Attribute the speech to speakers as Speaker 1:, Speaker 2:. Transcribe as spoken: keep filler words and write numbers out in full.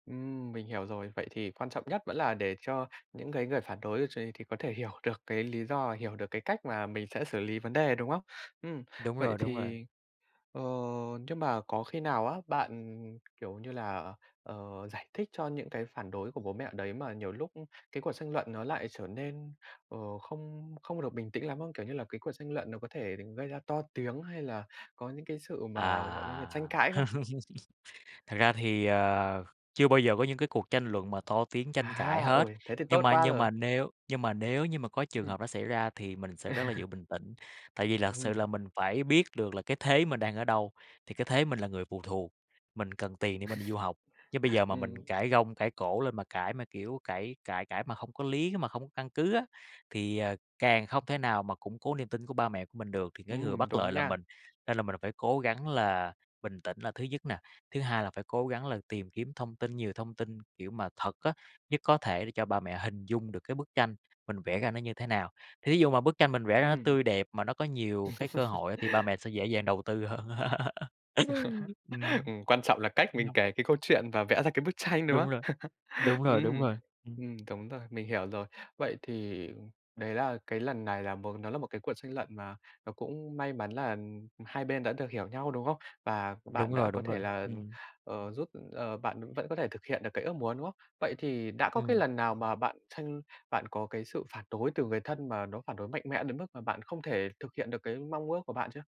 Speaker 1: Ừm, mình hiểu rồi. Vậy thì quan trọng nhất vẫn là để cho những cái người phản đối ấy ch thì có thể hiểu được cái lý do và hiểu được cái cách mà mình sẽ xử lý vấn đề, đúng không? Ừm,
Speaker 2: Đúng
Speaker 1: vậy
Speaker 2: rồi, đúng rồi.
Speaker 1: thì ờ, nhưng mà có khi nào á, bạn, kiểu như là, ờ, giải thích cho những cái phản đối của bố mẹ đấy, mà nhiều lúc cái cuộc tranh luận nó lại trở nên, ờ, không không được bình tĩnh lắm không? Kiểu như là cái cuộc tranh luận nó có thể gây ra to tiếng hay là có những cái sự mà, gọi là, như tranh
Speaker 2: À,
Speaker 1: cãi không?
Speaker 2: thật ra thì, ờ, chưa bao giờ có những cái cuộc tranh luận mà to tiếng tranh cãi
Speaker 1: À,
Speaker 2: hết.
Speaker 1: ôi, thế thì
Speaker 2: Nhưng
Speaker 1: tốt
Speaker 2: mà
Speaker 1: quá
Speaker 2: nhưng
Speaker 1: rồi.
Speaker 2: mà nếu nhưng mà nếu như mà có trường
Speaker 1: Ừm.
Speaker 2: hợp nó xảy ra thì mình sẽ rất là giữ bình tĩnh. Tại vì lật sự là
Speaker 1: Ừm.
Speaker 2: mình phải biết được là cái thế mình đang ở đâu. Thì cái thế mình là người phụ thuộc, mình cần tiền để mà đi du học, chứ bây giờ mà mình
Speaker 1: Ừm.
Speaker 2: cãi gông cãi cổ lên mà cãi, mà, kiểu, cãi cãi cãi mà hông có lý, mà không có căn cứ á, thì, à, càng không thể nào mà củng cố niềm tin của ba mẹ của mình được, thì cái người
Speaker 1: Ừm,
Speaker 2: bất lợi
Speaker 1: đúng
Speaker 2: là
Speaker 1: nha.
Speaker 2: mình. Nên là mình là phải cố gắng là bình tĩnh là thứ nhất nè. Thứ hai là phải cố gắng là tìm kiếm thông tin nhiều thông tin, kiểu, mà thật á, nhất có thể để cho ba mẹ hình dung được cái bức tranh mình vẽ ra nó như thế nào. Thí dụ mà bức tranh mình vẽ ra nó
Speaker 1: Ừm.
Speaker 2: tươi đẹp mà nó có nhiều cái cơ hội á, thì ba mẹ sẽ dễ dàng đầu tư hơn. Ừm,
Speaker 1: Ừm, quan trọng là cách mình
Speaker 2: ừm.
Speaker 1: kể cái câu chuyện và vẽ ra cái bức tranh, đúng
Speaker 2: Đúng
Speaker 1: không?
Speaker 2: rồi. Đúng rồi, đúng
Speaker 1: Ừm,
Speaker 2: rồi. Ừm.
Speaker 1: ừm. Cúng rồi, mình hiểu rồi. Vậy thì đấy là cái lần này là một nó là một cái cuộc tranh luận mà nó cũng may mắn là, ừm, hai bên đã được hiểu nhau, đúng không? Và
Speaker 2: Đúng
Speaker 1: bạn đã
Speaker 2: rồi,
Speaker 1: có
Speaker 2: đúng
Speaker 1: thể
Speaker 2: rồi,
Speaker 1: là,
Speaker 2: ừm.
Speaker 1: ờ, giúp ờ, bạn vẫn có thể thực hiện được cái ước muốn, đúng không? Vậy thì đã có cái
Speaker 2: Ừm.
Speaker 1: lần nào mà bạn tranh bạn có cái sự phản đối từ người thân mà nó phản đối mạnh mẽ đến mức mà bạn không thể thực hiện được cái mong ước của bạn chưa?